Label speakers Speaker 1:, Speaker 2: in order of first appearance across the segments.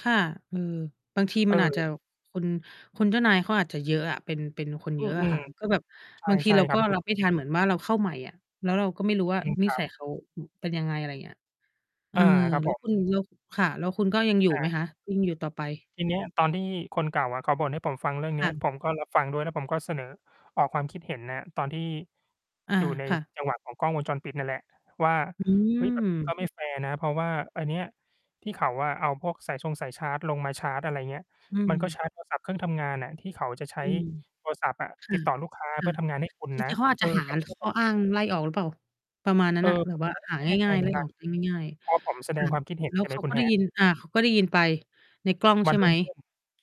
Speaker 1: ค่ะ อือ บางทีมันอาจจะ
Speaker 2: เออ
Speaker 1: คุณ คุณเจ้านายเขาอาจจะเยอะอะ เป็น เป็นคน
Speaker 2: อ
Speaker 1: เ
Speaker 2: ื
Speaker 1: ยอะอะค
Speaker 2: ม
Speaker 1: ่ะ ก็แบบ
Speaker 2: ๆ
Speaker 1: บางท
Speaker 2: ใ
Speaker 1: ี
Speaker 2: ช่
Speaker 1: เรา
Speaker 2: ๆ คร
Speaker 1: ก
Speaker 2: ั
Speaker 1: ็
Speaker 2: บ คื
Speaker 1: ร
Speaker 2: อ
Speaker 1: ับ
Speaker 2: จ
Speaker 1: ไม่
Speaker 2: ร
Speaker 1: ท
Speaker 2: ิง ๆ
Speaker 1: ันเหมือนว่าเราเข้าใหม่อะ แล้วเราก็ไม่รู้ว่า
Speaker 2: จริง
Speaker 1: น
Speaker 2: ค
Speaker 1: ิ
Speaker 2: รั
Speaker 1: ส
Speaker 2: บ
Speaker 1: ัยเขา อ เป็นยังไง อะไรอย่างเงี้ย เอ
Speaker 2: อ
Speaker 1: อ
Speaker 2: า ครับ
Speaker 1: แล้
Speaker 2: ผ
Speaker 1: วค
Speaker 2: ม
Speaker 1: ุณแล้ว ค่ะ แล้วคุณก็ยังอยู่
Speaker 2: อา
Speaker 1: ไหม
Speaker 2: จ
Speaker 1: ค
Speaker 2: ริ
Speaker 1: ะ?
Speaker 2: ง
Speaker 1: ยังอยู่ต่อไป?
Speaker 2: ทีเนี้ยตอนที่คนเก่าอะเขาบ่นให้ผมฟังเรื่อง
Speaker 1: ค
Speaker 2: นี้
Speaker 1: ่ะ
Speaker 2: ผมก็รับฟังด้วยแล้วผมก็เสนอ ออกความคิดเห็น ณ ตอนที่
Speaker 1: อา
Speaker 2: อยู่ใน
Speaker 1: ค่ะ
Speaker 2: จังหวะของกล้องวงจรปิดนั่นแหละว่า
Speaker 1: อ
Speaker 2: "เฮ้ย แบบนี้ ก
Speaker 1: ืม
Speaker 2: ็ไม่แฟร์นะ" เพราะว่าอันเนี้ยที่เขาอะเอาพวกสายชงสายชาร์จลงมาชาร์จ อะไรเงี้ย
Speaker 1: อื
Speaker 2: "มันก็
Speaker 1: ม
Speaker 2: ชาร์จ โทรศัพท์ เครื่องทำงานอะที่เขาจะใช
Speaker 1: อ
Speaker 2: ้
Speaker 1: ืม
Speaker 2: โทรศัพท์อะ
Speaker 1: ค่
Speaker 2: ติ
Speaker 1: ะ
Speaker 2: ดต่อลูกค้า
Speaker 1: ค
Speaker 2: เพ
Speaker 1: ่
Speaker 2: ื
Speaker 1: ะ
Speaker 2: ่อทำงานให้คุณ
Speaker 1: จริ
Speaker 2: นะ"
Speaker 1: ง ๆ เขาอาจ
Speaker 2: เอ
Speaker 1: จ
Speaker 2: อ
Speaker 1: ะหา
Speaker 2: แต่เขาก็
Speaker 1: ข
Speaker 2: แบ
Speaker 1: ้อ
Speaker 2: บ
Speaker 1: อ้างไล่ออกหรือเปล่า? ประมาณนั้
Speaker 2: เอ
Speaker 1: นน่ะ
Speaker 2: อ
Speaker 1: แบ
Speaker 2: ผ
Speaker 1: บ
Speaker 2: ม
Speaker 1: ว่า
Speaker 2: ก็
Speaker 1: หา
Speaker 2: ไม่แน่ใ
Speaker 1: ง
Speaker 2: จ
Speaker 1: ่าย
Speaker 2: เห
Speaker 1: ๆ
Speaker 2: ม
Speaker 1: ไ
Speaker 2: ื
Speaker 1: ล
Speaker 2: อน
Speaker 1: ่
Speaker 2: กั
Speaker 1: อ
Speaker 2: น
Speaker 1: อกได้ง่าย
Speaker 2: พอผมแส
Speaker 1: ๆ ค
Speaker 2: ด
Speaker 1: ่
Speaker 2: ง
Speaker 1: ะ
Speaker 2: ความ คิดเห็น
Speaker 1: แล้
Speaker 2: ใช
Speaker 1: ว
Speaker 2: ่ไห
Speaker 1: เ
Speaker 2: ม
Speaker 1: ขา
Speaker 2: คุ
Speaker 1: ก็
Speaker 2: ณ
Speaker 1: ได้
Speaker 2: Hat
Speaker 1: ยิน อ่า เขาก็ได้ยินไปในกล้อง
Speaker 2: ว
Speaker 1: ใ
Speaker 2: ั
Speaker 1: ช
Speaker 2: น
Speaker 1: ่ไ
Speaker 2: ร
Speaker 1: ห
Speaker 2: ุ
Speaker 1: ม?
Speaker 2: ่งขึ้น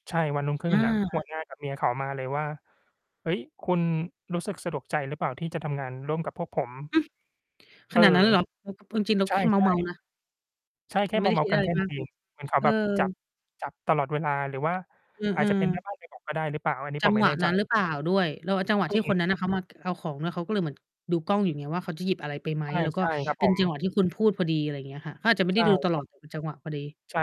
Speaker 2: ใช่ วันรุ่งขึ
Speaker 1: อ
Speaker 2: ้นน่ะ ห
Speaker 1: า
Speaker 2: ัวหน้า กับเมียเขามาเลยว่า "เฮ้ย คุณรู้สึกสะดวกใจหรือเปล่าที่จะทำงานร่วมกับพวกผม?"
Speaker 1: อื้อ! ข
Speaker 2: เออ
Speaker 1: นาดนั้นเลยเหรอ? เออ คือ เออ จริง เรา
Speaker 2: ใช
Speaker 1: แ
Speaker 2: ่
Speaker 1: ค่เมาท์ ๆ นะ
Speaker 2: ๆ ใช่ แค
Speaker 1: เร
Speaker 2: ่
Speaker 1: าไ
Speaker 2: เ
Speaker 1: ม
Speaker 2: ม
Speaker 1: ่ได้ค
Speaker 2: าท
Speaker 1: ิด
Speaker 2: ์ ๆ กั
Speaker 1: อะ
Speaker 2: น
Speaker 1: ไร
Speaker 2: แค่
Speaker 1: ม
Speaker 2: นั
Speaker 1: า
Speaker 2: ้น
Speaker 1: ก
Speaker 2: เอ
Speaker 1: เล
Speaker 2: ง
Speaker 1: ย
Speaker 2: เหมือนเขา
Speaker 1: เอ
Speaker 2: แบบจับ
Speaker 1: อ
Speaker 2: จับตลอดเวลาหรือว่า
Speaker 1: เออ
Speaker 2: อาจจะเป็น แม่
Speaker 1: ๆ
Speaker 2: บ้านไปบอก ก็ได้หรือเปล่า อันนี้
Speaker 1: จั
Speaker 2: ผ
Speaker 1: ง
Speaker 2: มไม
Speaker 1: ห
Speaker 2: ่
Speaker 1: วะ
Speaker 2: แน่ ใ
Speaker 1: น
Speaker 2: จ
Speaker 1: ั้นหรือเปล่าด้วย? เราว่าจังหวะ
Speaker 2: คื
Speaker 1: ที
Speaker 2: อ
Speaker 1: ่
Speaker 2: ง
Speaker 1: ค
Speaker 2: ี
Speaker 1: น
Speaker 2: ้
Speaker 1: นั้นน่ะเขา มา ก เอาของ แล้วเขาก็เลยเหมือนดูกล้องอยู่ไงว่า เขาจะหยิบอะไรไปไหม? แล้ว
Speaker 2: ใ
Speaker 1: ก็
Speaker 2: ช่ ๆ ครับ
Speaker 1: เป็
Speaker 2: ผ
Speaker 1: นจังหวะ
Speaker 2: ม
Speaker 1: ที่คุณพูดพอดี อะไรเงี้ยค่ะ เขาอาจจะไม่
Speaker 2: ใ
Speaker 1: ไ
Speaker 2: ช
Speaker 1: ด้
Speaker 2: ่
Speaker 1: ดูต
Speaker 2: ผ
Speaker 1: ลอ
Speaker 2: ม
Speaker 1: ด เป็นจังหวะพอดี
Speaker 2: ใช่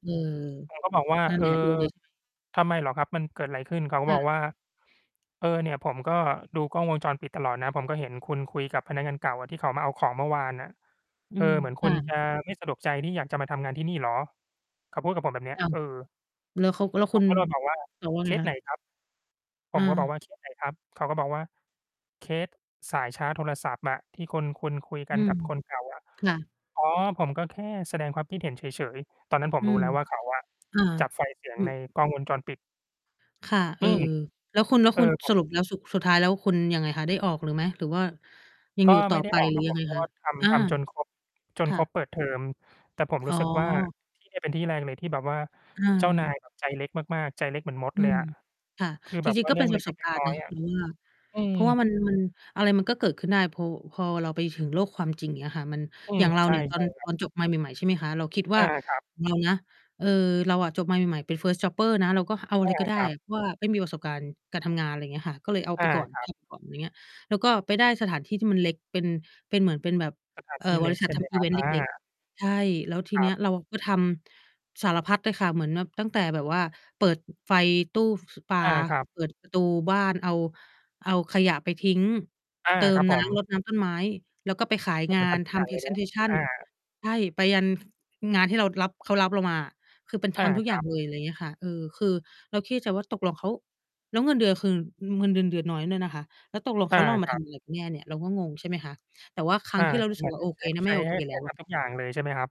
Speaker 1: เออ
Speaker 2: ๆ ผม ก็บอกว่า
Speaker 1: นั่น
Speaker 2: "เ
Speaker 1: แ
Speaker 2: ออ
Speaker 1: หละดูเลย ใช่ไหม
Speaker 2: ทำไมเหรอครับ มันเกิดอะไรขึ้น?" เขาก็
Speaker 1: ค่
Speaker 2: บอ
Speaker 1: ะ
Speaker 2: กว่า "เออ เนี่ยผมก็ดูกล้องวงจรปิดตลอดนะ ผมก็เห็นคุณคุยกับพนักงานเก่าอะ ที่เขามาเอาของเมื่อวานน่ะ
Speaker 1: อื
Speaker 2: เอ
Speaker 1: ม
Speaker 2: อ เหมือนค
Speaker 1: ค
Speaker 2: ุ
Speaker 1: ่
Speaker 2: ณจ
Speaker 1: ะ
Speaker 2: ะไม่สะดวกใจที่อยากจะมาทำงานที่นี่เหรอ?" เขาพูดกับผมแบบเนี้
Speaker 1: อ
Speaker 2: ย
Speaker 1: ้าว
Speaker 2: เออ
Speaker 1: แล้วเขา แล้ว
Speaker 2: ผ
Speaker 1: คุ
Speaker 2: ม
Speaker 1: ณ
Speaker 2: ก็เลยบอกว่า
Speaker 1: ตอบว่า
Speaker 2: "เค
Speaker 1: ไง
Speaker 2: ส
Speaker 1: ค
Speaker 2: ไ
Speaker 1: ะ?
Speaker 2: หนครับ?" ผมก็บอกว
Speaker 1: เออ
Speaker 2: ่า "เคสไหน ครับ?" เขาก็บอกว่า "เคสสายชาร์จโทรศัพท์อะที่คน คุณคุยก
Speaker 1: อ
Speaker 2: ั
Speaker 1: ื
Speaker 2: น
Speaker 1: ม
Speaker 2: กับคนเก่าอะ"
Speaker 1: ค่ะ
Speaker 2: "อ๋อ ผมก็แค่แสดงความคิดเห็นเฉย ๆ" ตอนนั้นผม
Speaker 1: อื
Speaker 2: รู้
Speaker 1: ม
Speaker 2: แล้วว่า เขาอะ
Speaker 1: อ่า
Speaker 2: จับไฟล์เสีย
Speaker 1: อ
Speaker 2: ง
Speaker 1: ื
Speaker 2: ใ
Speaker 1: อ
Speaker 2: นกล้องวงจรปิด
Speaker 1: ค่ะ เอ
Speaker 2: อื
Speaker 1: อ
Speaker 2: ม
Speaker 1: แล้วคุณ แล้ว
Speaker 2: เอ
Speaker 1: ค
Speaker 2: อ
Speaker 1: ุณ
Speaker 2: ผ
Speaker 1: ส
Speaker 2: ม
Speaker 1: รุปแล้วสุด สุดท้ายแล้วคุณยังไงคะ ได้ออกเลยไหม? หรือว่ายัง
Speaker 2: ก็
Speaker 1: อยู่ต
Speaker 2: ไ
Speaker 1: ่
Speaker 2: ม
Speaker 1: อ
Speaker 2: ่ได้
Speaker 1: ไป
Speaker 2: ออก
Speaker 1: หรื
Speaker 2: คร
Speaker 1: อ
Speaker 2: ับ
Speaker 1: ยั
Speaker 2: ผ
Speaker 1: งไ
Speaker 2: ม
Speaker 1: ง
Speaker 2: เพรา
Speaker 1: ค
Speaker 2: ะว
Speaker 1: ะ?
Speaker 2: ่า ท
Speaker 1: อา
Speaker 2: ำ ทำจน ครบ จ
Speaker 1: ค
Speaker 2: น
Speaker 1: ่
Speaker 2: ค
Speaker 1: ะ
Speaker 2: รบเปิดเทอม แต่ผม
Speaker 1: อ
Speaker 2: ร
Speaker 1: ๋
Speaker 2: ู
Speaker 1: อ
Speaker 2: ้สึกว่า ที่เนี่ย เป็นที่แรกเลยที่แบบว่า
Speaker 1: เ
Speaker 2: เจ้านา
Speaker 1: ออ
Speaker 2: ย เขา ใจเล็กมาก ๆ ใจเล็กเหมือนมด
Speaker 1: อื
Speaker 2: เลย
Speaker 1: ม
Speaker 2: อะ
Speaker 1: ค่ะ
Speaker 2: คือ
Speaker 1: จ
Speaker 2: แบบ
Speaker 1: ริ
Speaker 2: ว
Speaker 1: ง
Speaker 2: ่
Speaker 1: ๆ
Speaker 2: า
Speaker 1: ก็
Speaker 2: เรื
Speaker 1: เ
Speaker 2: ่
Speaker 1: ป
Speaker 2: อ
Speaker 1: ็น
Speaker 2: ง เ
Speaker 1: ป
Speaker 2: ล
Speaker 1: ระสบ
Speaker 2: ็
Speaker 1: ก
Speaker 2: ก
Speaker 1: า
Speaker 2: ๆ
Speaker 1: ร
Speaker 2: น
Speaker 1: ณ
Speaker 2: ้
Speaker 1: ์
Speaker 2: อ
Speaker 1: เนา
Speaker 2: ย
Speaker 1: ะ
Speaker 2: ๆ อ
Speaker 1: ค
Speaker 2: ะ
Speaker 1: ุณว่า
Speaker 2: อื
Speaker 1: เ
Speaker 2: ม
Speaker 1: พราะว่ามัน มัน อะไรมันก็เกิดขึ้นได้พอ พอเราไปถึงโลกความจริง เงี้ยค่ะ มัน
Speaker 2: อื
Speaker 1: อย
Speaker 2: ม
Speaker 1: ่างเรา
Speaker 2: ใช่
Speaker 1: เนี่ยต
Speaker 2: ใ
Speaker 1: อ
Speaker 2: ช่
Speaker 1: น
Speaker 2: คร
Speaker 1: ต
Speaker 2: ับ
Speaker 1: อนจบมาใหม่ ๆ ใช่ไหมคะ เราคิดว
Speaker 2: อ
Speaker 1: ่า
Speaker 2: า ครับ
Speaker 1: เรานะ เออ เราอะจบมาใหม่ ๆ เป็น First jobber นะ เราก็เอาอ
Speaker 2: อ
Speaker 1: ะไร
Speaker 2: า
Speaker 1: ก็ได้
Speaker 2: ครับ
Speaker 1: เพราะว่าไม่มีประสบการณ์การการทำงาน อะไรอย่างเงี้ยค่ะ ก็เลยเอา
Speaker 2: อ
Speaker 1: ไ
Speaker 2: า
Speaker 1: ปก่อน
Speaker 2: ครั
Speaker 1: ท
Speaker 2: บ
Speaker 1: ำ ไปก่อน ไรเงี้ย แล้วก็ไปได้สถานที่ที่มันเล็ก เป็น เป็นเหมือน เป็นแบบ
Speaker 2: สถาน
Speaker 1: เอ่
Speaker 2: ที่
Speaker 1: อ บ
Speaker 2: เล
Speaker 1: ร
Speaker 2: ็
Speaker 1: ิ
Speaker 2: ก
Speaker 1: ษั
Speaker 2: ใช
Speaker 1: ท
Speaker 2: ่
Speaker 1: ท
Speaker 2: ไหม
Speaker 1: ำอ
Speaker 2: ค
Speaker 1: ิ
Speaker 2: ร
Speaker 1: เ
Speaker 2: ั
Speaker 1: ว
Speaker 2: บ?
Speaker 1: นต์
Speaker 2: อ
Speaker 1: เล็ก
Speaker 2: า
Speaker 1: ๆ ใช่ แล้วที
Speaker 2: ค
Speaker 1: เ
Speaker 2: ร
Speaker 1: นี
Speaker 2: ั
Speaker 1: ้
Speaker 2: บ
Speaker 1: ยเราก็ทำสารพัดเลยค่ะ เหมือนแบบตั้งแต่แบบว่าเปิด ไฟตู้ ฟ ปลา
Speaker 2: อา ครับ
Speaker 1: เปิดประตูบ้าน เอา เอาขยะไปทิ้ง
Speaker 2: อา
Speaker 1: เติ
Speaker 2: ครั
Speaker 1: ม
Speaker 2: บผ
Speaker 1: น้
Speaker 2: ม
Speaker 1: ำ รดน้ำต้นไม้ แล้วก็ไปขาย
Speaker 2: ก็
Speaker 1: ง
Speaker 2: เหมือ
Speaker 1: า
Speaker 2: นท
Speaker 1: น
Speaker 2: ำทุก
Speaker 1: ท
Speaker 2: อย่า
Speaker 1: ำ
Speaker 2: งเลยเนาะ อ
Speaker 1: presentation
Speaker 2: า
Speaker 1: ใช่ ไปยัน งานที่เรารับ เขารับเรามาอะ คือเป็น ท
Speaker 2: อา
Speaker 1: ำทุกอ
Speaker 2: ค
Speaker 1: ย่
Speaker 2: ร
Speaker 1: า
Speaker 2: ั
Speaker 1: ง
Speaker 2: บ
Speaker 1: เลย อะไรอย่างเงี้ยค่ะ เออ คือเราคิดในใจว่า ตกลงเขา แล้วเงินเดือนคือ เงินเดือน เดือนน้อยด้วยนะคะ แล้วตกลงเ
Speaker 2: อ
Speaker 1: ข
Speaker 2: า
Speaker 1: า เราม
Speaker 2: ค
Speaker 1: า
Speaker 2: ร
Speaker 1: ท
Speaker 2: ับ
Speaker 1: ำอะไรกันแน่เนี่ย เราก็งง ใช่ไหมคะ แต่ว่าครั
Speaker 2: อ
Speaker 1: ้ง
Speaker 2: า
Speaker 1: ที่เรารู้ส
Speaker 2: แ
Speaker 1: ึก
Speaker 2: บบ
Speaker 1: ว่า
Speaker 2: ทั
Speaker 1: โอ
Speaker 2: ้ง
Speaker 1: เ
Speaker 2: ใช
Speaker 1: ค
Speaker 2: ้
Speaker 1: นะ
Speaker 2: ใ
Speaker 1: ไ
Speaker 2: ช
Speaker 1: ม
Speaker 2: ้
Speaker 1: ่โอ
Speaker 2: ให
Speaker 1: เค
Speaker 2: ้ ใ
Speaker 1: แล
Speaker 2: ห
Speaker 1: ้
Speaker 2: ้
Speaker 1: ว
Speaker 2: ท
Speaker 1: อะ
Speaker 2: ำ ทุกอย่างเลยใช่ไหมครับ?